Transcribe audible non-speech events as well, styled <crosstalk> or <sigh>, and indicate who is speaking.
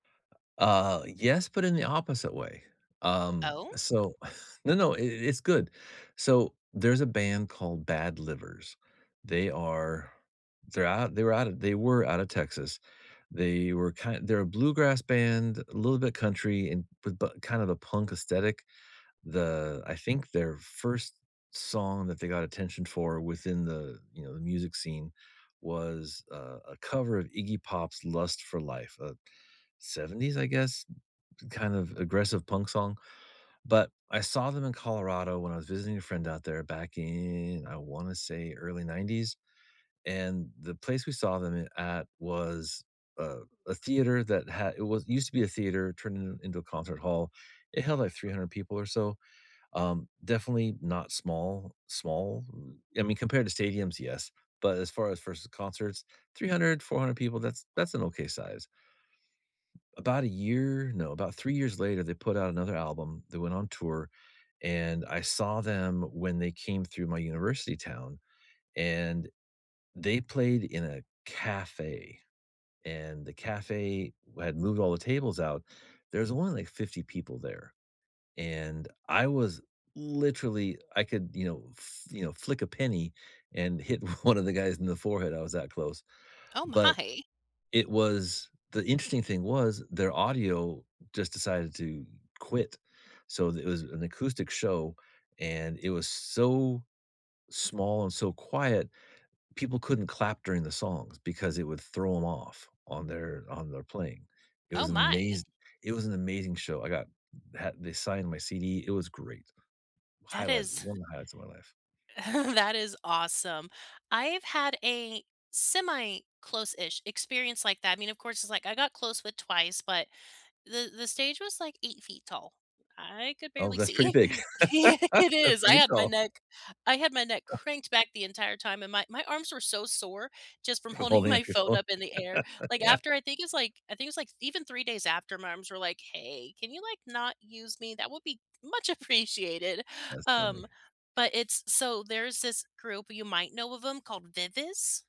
Speaker 1: U uh, yes, but in the opposite way. Um,
Speaker 2: Oh?
Speaker 1: so <chuckles> No, no, i it's good. So, there's a band called Bad Livers, they are they're out they were out of they were out of Texas, they were kind they're a bluegrass band, little bit country and with bu kind of a punk aesthetic. The I think their 1st song that they got attention for within the, you know, the music scene was a a cover of Iggy Pop's “Lust for Life,” a ‘70s, I guess, kind of aggressive punk song. But I saw them in Colorado when I was visiting a friend out there back in, I wanna say early ‘90s, and the place we saw them in at was a a theater that ha it was used to be a theater turned in into a concert hall, it held, like, 300 people or so, um, definitely not small- small I mean, compared to stadiums, yes; but as far as versus concerts, 300, 400 people, that's that's an okay size. About a year no, about 3 years later, they put out another album, they went on tour and I saw them when they came through my university town and they played in a cafe and the cafe w had moved all the tables out. There was only like 50 people there, and I was literally I could, you know, fl you know, flick a penny and hit one of the guys in the forehead, I was that close.
Speaker 2: Oh
Speaker 1: But
Speaker 2: my!
Speaker 1: it was the interesting thing was their audio just decided to quit. So, th it was an acoustic show, and it was so small and so quiet, people couldn't clap during the songs because it would throw ‘em off on their on their playing. It
Speaker 2: Oh
Speaker 1: was an
Speaker 2: my!
Speaker 1: amaze it was an amazing show, I got h they signed my CD it was great.
Speaker 2: That
Speaker 1: Highlight
Speaker 2: is
Speaker 1: one of the highlights of my life.
Speaker 2: <chuckles> that is awesome. I've had a semi-close-ish experience like that- I mean, of course, it's, like, I got close with Twice, but the the stage was, like, 8 feet tall, I could
Speaker 1: Oh,
Speaker 2: barely
Speaker 1: that's pretty
Speaker 2: see.
Speaker 1: big.
Speaker 2: <laughs>
Speaker 1: <laughs>
Speaker 2: Yeah, it
Speaker 1: That's
Speaker 2: is. I
Speaker 1: pretty
Speaker 2: had my
Speaker 1: tall.
Speaker 2: neck I had my neck
Speaker 1: <chuckles>
Speaker 2: cranked back the entire time and my my arms were so sore just from
Speaker 1: For
Speaker 2: holding
Speaker 1: holding
Speaker 2: my
Speaker 1: up your
Speaker 2: phone
Speaker 1: phone.
Speaker 2: up in the air,
Speaker 1: <chuckles>
Speaker 2: like,
Speaker 1: Yeah.
Speaker 2: after I think it's, like I think it's like even 3 days after my arms were like, "Hey, can you like not use me? That would be much appreciated."
Speaker 1: That's
Speaker 2: Um,
Speaker 1: funny.
Speaker 2: but it's so, there's this group, you might know of ‘em, called Vivis.